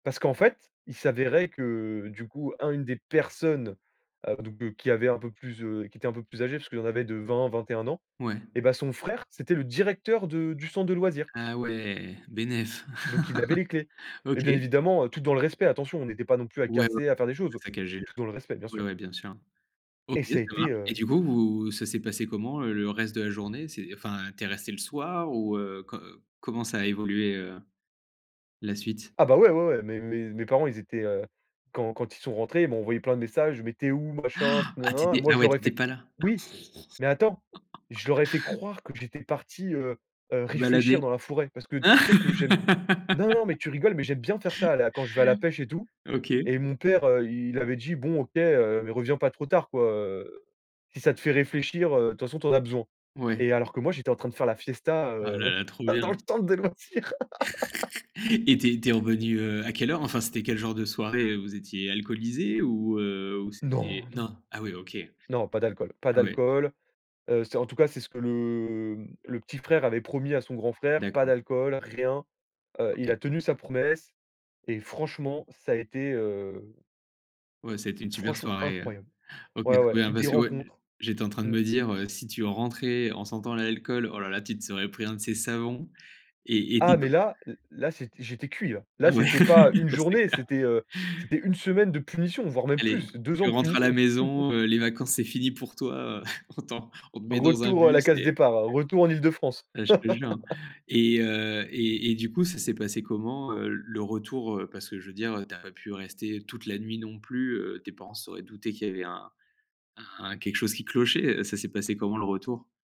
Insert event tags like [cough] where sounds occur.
Parce qu'en fait, il s'avérait que, du coup, un une des personnes, heu, donc qui avait un peu plus, heu qui était un peu plus âgée, puisqu'il en avait de 20-21 ans. Ouais. Et bah, son frère, c'était le directeur de du centre de loisirs Ah ouais. Bénef donc il avait les clés. [chuckles] Et OK. bien évidemment heu, tout dans le respect, attention! On était pas non plus à Ouais, ouais. casser, à faire des Pas choses! saccager le Tout dans le respect, bien ouais, sûr ouais, bien sûr. OK, et ça ça a été, marche. Et heu du coup, vous ça s'est passé comment, le reste de la journée? C'est enfin tu es resté le soir ou, heu, co comment ça a évolué, heu, la suite? Ah bah, ouais, ouais, ouais. Mes mes mes parents, ils étaient, heu, quand quand ils sont rentrés, ils m'ont envoyé plein de messages: «Mais tu es où?» machin Ah! ah tu nin-nin nin. étais, Moi, ah je ouais leur tu ai étais fait pas là! oui, mais attends, je leur ai fait [laughs] croire que j'étais parti, heu heu, Te réfléchir balader. dans la forêt. Parce que tu sais que j'aime [laughs] non, non! Mais tu rigoles, mais j'aime bien faire ça, là! Quand je vais à la pêche et tout. OK. Et mon père, heu, il avait dit: «Bon, OK, heu, mais reviens pas trop tard, quoi. Heu, si ça te fait réfléchir, heu, de toute façon tu en as besoin». Ouais. Et alors que moi, j'étais en train de faire la fiesta, Ah heu, là là, trop bien! dans le centre de loisirs. [laughs] [laughs] Et tu es tu es revenu, heu, à quelle heure? Enfin, c'était quel genre de soirée, heu? Vous étiez alcoolisés ou, heu, ou Non! c'était Non non. non? Ah ouais, OK! Non, pas d'alcool pas Ah ouais. d'alcool. Heu, c'est en tout cas, c'est ce que le le petit frère avait promis à son grand frère, pas D'accord. d'alcool, rien. Heu, il a OK. tenu sa promesse. Et franchement, ça a été, heu Ouais, c'était une super franchement soirée, heu incroyable! OK, très Ouais, ouais, bien des parce que, ouais, rencontres. j'étais en train de Mmh. me dire, heu, si tu rentrais en sentant l'alcool, oh là là tu te serais pris un de ces savons! Et et, Ah, dit toi mais là là, c'est j'étais cuit, là. Ah Là, [laughs] ouais. c'était pas une C'est journée, clair! c'était, heu, c'était une semaine de punition, voire même Aller! plus! 2 Tu ans de rentres à punition! la [chuckles] maison, heu, les vacances, c'est fini pour toi heu. On t'en on te met dans un Retour à la bus case et départ, heu, retour en Île-de-France. Bah, je te jure, hein! [laughs] Et heu et et du coup, ça s'est passé comment, heu, le retour? Heu, parce que je veux dire, heu, tu as pas pu rester toute la nuit non plus. Heu, tes parents se seraient doutés qu'il y avait un un quelque chose qui clochait. Heu, ça s'est passé comment, le retour?